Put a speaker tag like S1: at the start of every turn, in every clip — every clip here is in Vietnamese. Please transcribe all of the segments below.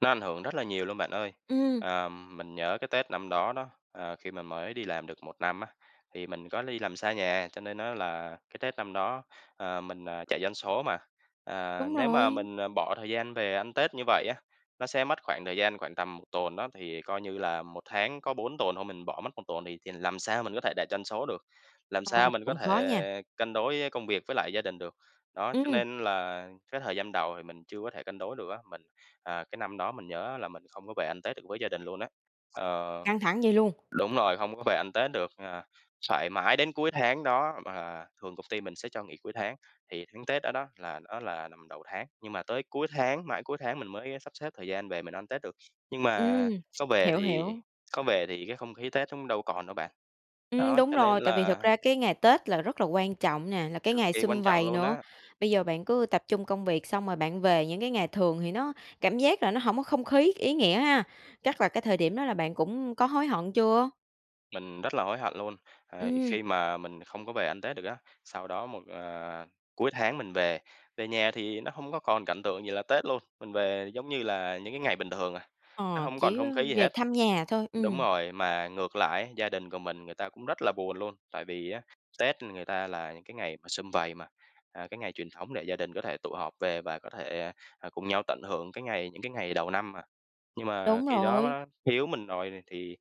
S1: Nó ảnh hưởng rất là nhiều luôn bạn ơi.
S2: Ừm.
S1: Ờm, mình nhớ cái Tết năm đó đó, ờ, khi mình mới đi làm được 1 năm á, thì mình có đi làm xa nhà, cho nên nó là cái Tết năm đó, ờ, mình, ờ, chạy doanh số mà. À,
S2: Đúng
S1: nếu mà
S2: rồi.
S1: mình, à, bỏ thời gian về ăn Tết như vậy á, nó sẽ mất khoảng thời gian khoảng tầm 1 tuần đó, thì coi như là 1 tháng có 4 tuần thôi mình bỏ mất 1 tuần thì thì làm sao mình có thể đạt doanh số được? Làm
S2: Ờ,
S1: sao mình có
S2: cũng khó nha.
S1: thể cân đối, a, công việc với lại gia đình được? Đó, cho
S2: Ừm.
S1: nên là cái thời gian đầu thì mình chưa có thể cân đối được á, mình à, cái năm đó mình nhớ á là mình không có về ăn Tết được với gia đình luôn á, ờ
S2: Căng thẳng vậy luôn.
S1: đúng rồi, không có về ăn Tết được, ờ, phải mãi đến cuối tháng đó- mà thường công ty mình sẽ cho nghỉ cuối tháng- thì tháng Tết đó đó là nó là nằm đầu tháng, nhưng mà tới cuối tháng, mãi cuối tháng mình mới, a, sắp xếp thời gian về mình ăn Tết được, nhưng
S2: Ừm,
S1: mà có về
S2: hiểu,
S1: thì
S2: hiểu.
S1: có về thì cái không khí Tết cũng đâu còn đâu bạn.
S2: Ừm,
S1: Đó,
S2: đúng
S1: cho nên
S2: rồi, tại vì thực
S1: là
S2: ra cái ngày Tết là rất là quan trọng nè, là cái
S1: Cực
S2: ngày
S1: kỳ quan
S2: sum
S1: trọng
S2: vầy
S1: luôn
S2: nữa.
S1: á.
S2: Bây giờ bạn cứ tập trung công việc xong rồi bạn về những cái ngày thường thì nó cảm giác là nó hổng có không khí, ý nghĩa ha. Chắc là cái thời điểm đó là bạn cũng có hối hận chưa?
S1: Mình rất là hối hận luôn, ờ,
S2: Ừm.
S1: khi mà mình không có về ăn Tết được á, sau đó một, ờ cuối tháng mình về. Về nhà thì nó không có còn cảnh tượng gì là Tết luôn, mình về giống như là những cái ngày bình thường à, nó
S2: Ờ,
S1: hổng còn
S2: chỉ
S1: không
S2: có
S1: khí gì
S2: về
S1: hết.
S2: thăm nhà thôi,
S1: Đúng
S2: ừm.
S1: rồi, mà ngược lại á gia đình của mình người ta cũng rất là buồn luôn, tại vì á, Tết người ta là những cái ngày mà sum vầy mà, à, cái ngày truyền thống để gia đình có thể tụ họp về và có thể, à, à, cùng nhau tận hưởng cái ngày những cái ngày đầu năm mà. Nhưng mà
S2: Đúng
S1: khi đó
S2: rồi.
S1: đó thiếu mình rồi này thì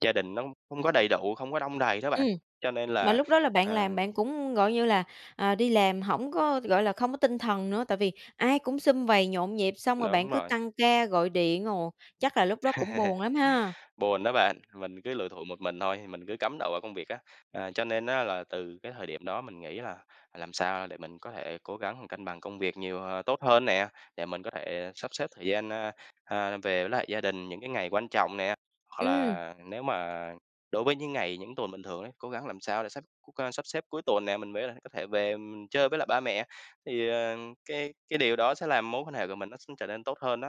S1: gia đình nó không có đầy đủ, không có đong đầy đó bạn.
S2: Ừm.
S1: Cho nên
S2: Mà
S1: là,
S2: lúc đó là bạn
S1: ờ
S2: làm bạn cũng gọi như là, à, đi làm hổng có, gọi là, không có tinh thần nữa, tại vì ai cũng sum vầy nhộn nhịp xong rồi bạn
S1: Đúng
S2: cứ
S1: rồi.
S2: tăng ca gọi điện, ồ. Chắc là lúc đó cũng buồn lắm ha?
S1: Buồn đó bạn, mình cứ lủi thủi một mình thôi, thì mình cứ cắm đầu vào công việc á. À, cho nên á là từ cái thời điểm đó mình nghĩ là làm sao để mình có thể cố gắng cân bằng công việc nhiều, ờ tốt hơn nè, để mình có thể sắp xếp thời gian, a, a, về với lại gia đình những cái ngày quan trọng nè. Hoặc
S2: Ừm.
S1: là nếu mà đối với những ngày, những tuần bình thường ấy, cố gắng làm sao để xách [unintelligible] a, sắp xếp cuối tuần nè, mình mới là có thể về mình chơi với lại ba mẹ. Thì, ờ, cái cái điều đó sẽ làm mối quan hệ của mình nó [unintelligible] trở nên tốt hơn đó.